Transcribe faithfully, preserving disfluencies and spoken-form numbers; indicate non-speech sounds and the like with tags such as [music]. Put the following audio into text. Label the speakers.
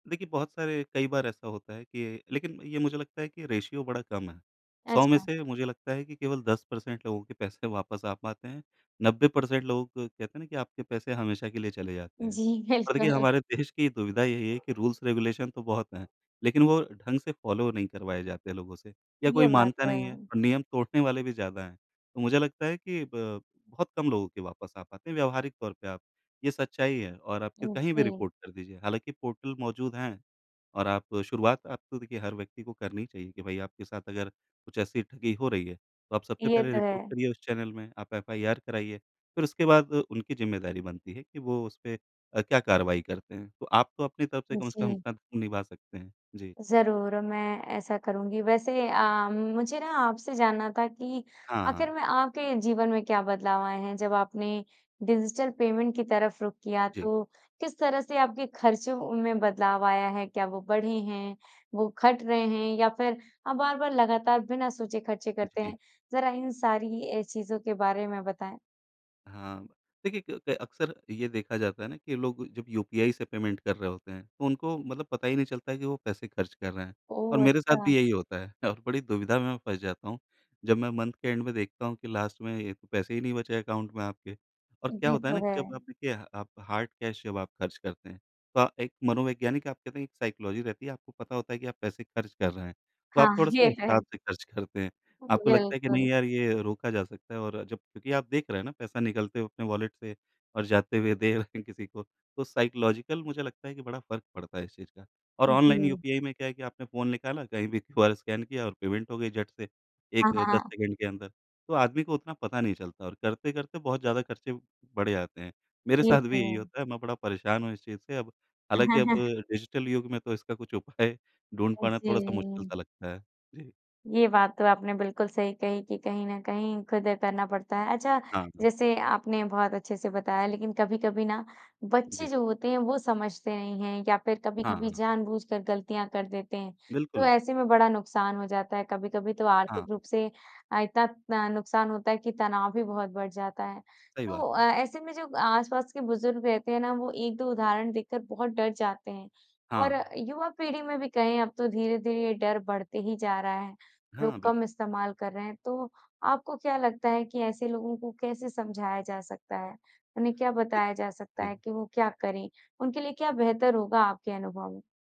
Speaker 1: देखिए, बहुत सारे कई बार ऐसा होता है कि लेकिन ये मुझे लगता है कि रेशियो बड़ा कम है, सौ में
Speaker 2: अच्छा।
Speaker 1: से मुझे लगता है कि केवल दस परसेंट लोगों के पैसे वापस आ पाते हैं, नब्बे परसेंट लोग, कहते हैं ना कि आपके पैसे हमेशा के लिए चले जाते हैं।
Speaker 2: जी
Speaker 1: और देखिए
Speaker 2: बिल्कुल।
Speaker 1: हमारे देश की दुविधा यही है कि रूल्स-रेगुलेशन तो बहुत हैं, लेकिन वो ढँग से फॉलो नहीं करवाए जाते लोगों से या कोई
Speaker 2: ये बात
Speaker 1: मानता
Speaker 2: है।
Speaker 1: नहीं है और नियम तोड़ने वाले भी ज़्यादा हैं। तो मुझे लगता है कि ब बहुत कम लोगों के वापस आ पाते हैं, व्यावहारिक तौर पे आप ये सच्चाई है और आप फिर
Speaker 2: हाँ
Speaker 1: कहीं भी
Speaker 2: जी।
Speaker 1: रिपोर्ट कर दीजिए, हालाँकि पोर्टल मौजूद हैं और आप शुरुआत अब तो देखिए हर व्यक्ति को करनी चाहिए कि भई आपके साथ अगर कुछ ऐसी ठगी हो रही है, तो आप सबसे
Speaker 2: ये
Speaker 1: पहले
Speaker 2: तो
Speaker 1: रिपोर्ट
Speaker 2: है।
Speaker 1: करिए उस चैनल में, आप एफआईआर कराइए, फिर उसके बाद उनकी जिम्मेदारी बनती है कि वो उसपे अ, क्या कार्रवाई करते हैं। तो आप तो अपनी तरफ़ से कम से कम
Speaker 2: जी।
Speaker 1: सब अपना निभा सकते हैं। जी।
Speaker 2: ज़रूर और मैं ऐसा करूँगी। वैसे अ, मुझे ना आपसे जानना था कि
Speaker 1: हाँ, हाँ।
Speaker 2: आख़िर में आपके जीवन में क्या बदलाव आए हैं जब आपने डिजिटल पेमेंट की तरफ़ रुख किया
Speaker 1: जी।
Speaker 2: तो किस तरह से आपके ख़र्चों में बदलाव आया है? क्या वो बढ़े हैं? वो घट रहे हैं या फिर आप बार-बार लगातार बिना सोचे ख़र्चे करते
Speaker 1: जी।
Speaker 2: हैं, ज़रा इन सारी अ, चीज़ों के बारे में बताएँ।
Speaker 1: हाँ, देखिए क क अक्सर ये देखा जाता है ना कि लोग जब यूपीआई से पेमेंट कर रहे होते हैं तो उनको मतलब पता ही नहीं चलता है कि वो पैसे खर्च कर रहे हैं। और
Speaker 2: ओह!
Speaker 1: मेरे साथ
Speaker 2: अच्छा।
Speaker 1: भी यही होता है और बड़ी दुविधा में फँस जाता हूँ। जब मैं मन्थ के एंड में देखता हूँ कि लास्ट में ये पैसे ही नहीं बचे अकाउंट में आपके और क्या
Speaker 2: ये
Speaker 1: होता है ना
Speaker 2: तो है।
Speaker 1: कि जब आप देखिए आप हार्ड कैश जब आप ख़र्च करते हैं, तो एक मनोवैज्ञानिक आप कहते हैं एक साइकोलॉजी रहती है, आपको पता होता है कि आप पैसे ख़र्च कर रहे हैं, तो
Speaker 2: हाँ,
Speaker 1: आप थोड़ा-से
Speaker 2: ये तो है।
Speaker 1: हिसाब से ख़र्च करते हैं। आपको लगता है कि
Speaker 2: बिल्कुल।
Speaker 1: नहीं यार ये रोका जा सकता है और जब क्योंकि आप देख रहे हैं ना पैसा निकलते हुए अपने वॉलेट से और जाते हुए दे रहे हैं किसी को, तो साइकोलॉजिकल मुझे लगता है कि फ़र्क पड़ता है इस चीज़ का। और ऑनलाइन
Speaker 2: जी।
Speaker 1: यूपीआई में क्या है कि आपने फ़ोन निकाला, कहीं भी क्यूआर स्कैन किया और पेमेंट हो गई झट से। एक,
Speaker 2: हाँ, हाँ,
Speaker 1: दस
Speaker 2: हाँ।
Speaker 1: सेकंड के अंदर, तो आदमी को उतना पता नहीं चलता और करते-करते बहुत ज़्यादा ख़र्चे बढ़ जाते हैं। मेरे
Speaker 2: ये
Speaker 1: साथ
Speaker 2: तो
Speaker 1: भी यही
Speaker 2: है।
Speaker 1: होता है, मैं परेशान हूँ इस चीज़ से अब हालाँकि अब
Speaker 2: [chuckles]
Speaker 1: डिजिटल युग में तो इसका कुछ उपाय ढूँढ़
Speaker 2: अ,
Speaker 1: पाना
Speaker 2: जी।
Speaker 1: थोड़ा-सा मुश्किल-सा लगता है। जी।
Speaker 2: ये बात तो आपने बिल्कुल सही कही कि कहीं न कहीं खुद ये करना पड़ता है। अच्छा
Speaker 1: हाँ, हाँ।
Speaker 2: जैसे आपने बहुत अच्छे-से बताया लेकिन कभी-कभी ना बच्चे
Speaker 1: जी।
Speaker 2: जो होते हैं वो समझते नहीं हैं या फिर
Speaker 1: हाँ,
Speaker 2: कभी-कभी
Speaker 1: हाँ।
Speaker 2: जानबूझकर गलतियाँ कर देते हैं, तो
Speaker 1: बिल्कुल।
Speaker 2: ऐसे में बड़ा नुकसान हो जाता है। कभी-कभी तो
Speaker 1: हाँ।
Speaker 2: आर्थिक रूप से अ, इतना तन नुकसान होता है कि तनाव भी बहुत बढ़ जाता है।
Speaker 1: सही बात
Speaker 2: तो अ,
Speaker 1: है।
Speaker 2: ऐसे में जो आस-पास के बुज़ुर्ग रहते हैं ना वो एक दो उदाहरण देखकर बहुत डर जाते हैं और
Speaker 1: हाँ।
Speaker 2: युवा पीढ़ी में भी कहें अब तो धीरे-धीरे ये डर बढ़ते ही जा रहा है,
Speaker 1: हाँ
Speaker 2: लोग
Speaker 1: बिल्कु
Speaker 2: कम इस्तेमाल कर रहे हैं। तो आपको क्या लगता है कि ऐसे लोगों को कैसे समझाया जा सकता है? उन्हें क्या बताया जा सकता
Speaker 1: जी।
Speaker 2: है कि वो क्या करें, उनके लिए क्या बेहतर होगा आपके अनुभव में?